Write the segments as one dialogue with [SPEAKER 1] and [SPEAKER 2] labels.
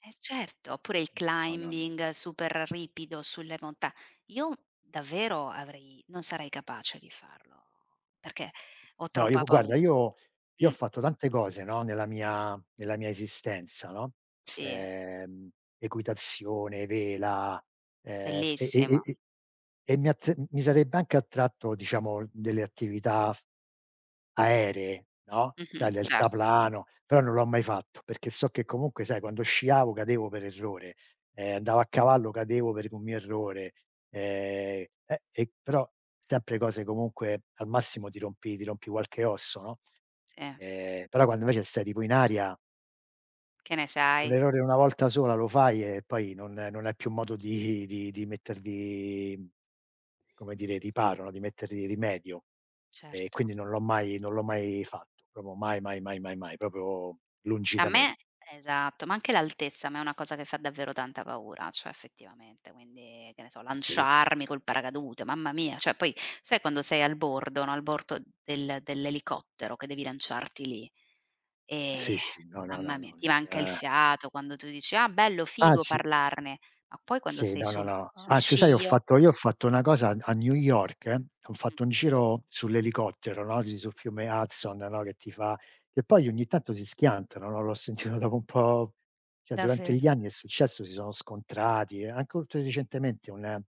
[SPEAKER 1] Eh certo, oppure il
[SPEAKER 2] No, no, no.
[SPEAKER 1] climbing super ripido sulle monta Io davvero avrei non sarei capace di farlo, perché ho
[SPEAKER 2] No, io
[SPEAKER 1] troppa
[SPEAKER 2] u
[SPEAKER 1] pau
[SPEAKER 2] guarda io io ho
[SPEAKER 1] Mh.
[SPEAKER 2] fatto tante cose, no, nella mia nella mia esistenza no:
[SPEAKER 1] Sì.
[SPEAKER 2] ehm, equitazione, vela, ehm, e e e
[SPEAKER 1] Bellissimo.
[SPEAKER 2] e e mi a t n mi sarebbe anche attratto, diciamo, delle attività aeree no:
[SPEAKER 1] Mh-mh,
[SPEAKER 2] sai,
[SPEAKER 1] cer
[SPEAKER 2] deltaplano; però non l'ho mai fatto perché so che comunque sai quando sciavo cadevo per errore, ehm, andavo a cavallo cadevo per un mio errore, ehm, eh, e però sempre cose comunque al massimo ti rompi ti rompi qualche osso, no.
[SPEAKER 1] Sì.
[SPEAKER 2] Ehm, però quando invece stai tipo in aria
[SPEAKER 1] Che ne
[SPEAKER 2] un
[SPEAKER 1] sai?
[SPEAKER 2] errore una volta sola lo fai e poi non non hai più modo di di di mettergli, come dire, riparo no di mettergli rimedio. E
[SPEAKER 1] Certo.
[SPEAKER 2] quindi non l'ho mai non l'ho mai fatto, proprio mai, mai, mai, mai, mai, proprio lungi
[SPEAKER 1] A
[SPEAKER 2] da me.
[SPEAKER 1] me esatto, ma anche l'altezza a me è una cosa che fa davvero tanta paura, cioè effettivamente. Quindi che ne so,
[SPEAKER 2] Sì.
[SPEAKER 1] lanciarmi col paracadute, mamma mia, cioè poi sai quando sei al bordo no al bordo del dell'elicottero che devi lanciarti lì. E
[SPEAKER 2] Sì, sì, no, no, no,
[SPEAKER 1] mamma mi
[SPEAKER 2] no.
[SPEAKER 1] ti manca il
[SPEAKER 2] Eh
[SPEAKER 1] fiato. Quando tu dici: "Ah bello! Figo
[SPEAKER 2] Anzi
[SPEAKER 1] parlarne"; ma poi quando
[SPEAKER 2] Sì,
[SPEAKER 1] sei
[SPEAKER 2] no, no
[SPEAKER 1] sul
[SPEAKER 2] no.
[SPEAKER 1] sul
[SPEAKER 2] Anzi sai ho
[SPEAKER 1] ciglio
[SPEAKER 2] fatto io ho fatto una cosa a a New York: ho
[SPEAKER 1] Mh.
[SPEAKER 2] fatto un giro sull'elicottero no, lì sul fiume Hudson no, che ti fa che poi ogni tanto si schiantano no, l'ho sentito dopo un po' cioè durante gli
[SPEAKER 1] Davvero.
[SPEAKER 2] anni è successo, si sono scontrati, anche oltre recentemente un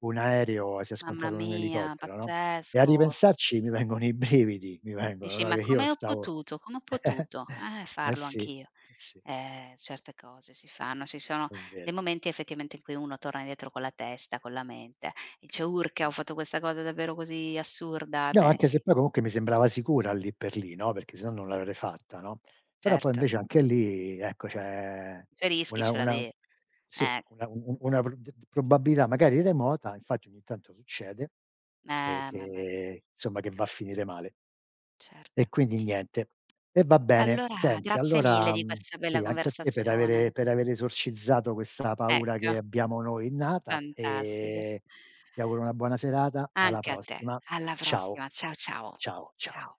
[SPEAKER 2] un aereo si è
[SPEAKER 1] Mamma
[SPEAKER 2] scontrato un
[SPEAKER 1] mia,
[SPEAKER 2] elicottero no; e a
[SPEAKER 1] pazzesco.
[SPEAKER 2] ripensarci mi vengono i brividi mi vengono,
[SPEAKER 1] Dici:
[SPEAKER 2] no
[SPEAKER 1] "Ma
[SPEAKER 2] che io
[SPEAKER 1] come ho
[SPEAKER 2] stavo
[SPEAKER 1] potuto come ho potuto, eh,
[SPEAKER 2] eh
[SPEAKER 1] farlo
[SPEAKER 2] sì, eh
[SPEAKER 1] anch'io?"
[SPEAKER 2] sì.
[SPEAKER 1] Ehm, certe cose si fanno, ci sono
[SPEAKER 2] È
[SPEAKER 1] dei
[SPEAKER 2] vero.
[SPEAKER 1] momenti effettivamente in cui uno torna dietro con la testa con la mente. Dice: "Urca, ho
[SPEAKER 2] Mh.
[SPEAKER 1] fatto questa cosa davvero così assurda?"
[SPEAKER 2] No,
[SPEAKER 1] Ebbene
[SPEAKER 2] anche se
[SPEAKER 1] sì.
[SPEAKER 2] poi comunque mi sembrava sicura lì per lì, no, perché sennò non l'avrei fatta, no. Però poi
[SPEAKER 1] Certo.
[SPEAKER 2] invece anche lì, ecco c'è
[SPEAKER 1] I tuoi rischi
[SPEAKER 2] una
[SPEAKER 1] ce
[SPEAKER 2] una
[SPEAKER 1] l'avev
[SPEAKER 2] sì,
[SPEAKER 1] eh.
[SPEAKER 2] una u u una pr d d probabilità magari remota, infatti ogni tanto succede e
[SPEAKER 1] Eh mamma mia.
[SPEAKER 2] che somma che va a finire male. E
[SPEAKER 1] Certo.
[SPEAKER 2] quindi niente. E va bene.
[SPEAKER 1] Allora
[SPEAKER 2] Senti
[SPEAKER 1] grazie mille
[SPEAKER 2] allora
[SPEAKER 1] di
[SPEAKER 2] mhmm,
[SPEAKER 1] questa bella
[SPEAKER 2] sì anche a te per avere
[SPEAKER 1] conversazione.
[SPEAKER 2] per aver esorcizzato questa paura che
[SPEAKER 1] Ecco.
[SPEAKER 2] abbiamo noi innata
[SPEAKER 1] Fantastica.
[SPEAKER 2] e ti auguro una buona serata e alla
[SPEAKER 1] Anche a te.
[SPEAKER 2] prossima.
[SPEAKER 1] Alla
[SPEAKER 2] Ciao.
[SPEAKER 1] prossima. Ciao, ciao.
[SPEAKER 2] Ciao, ciao.
[SPEAKER 1] Ciao.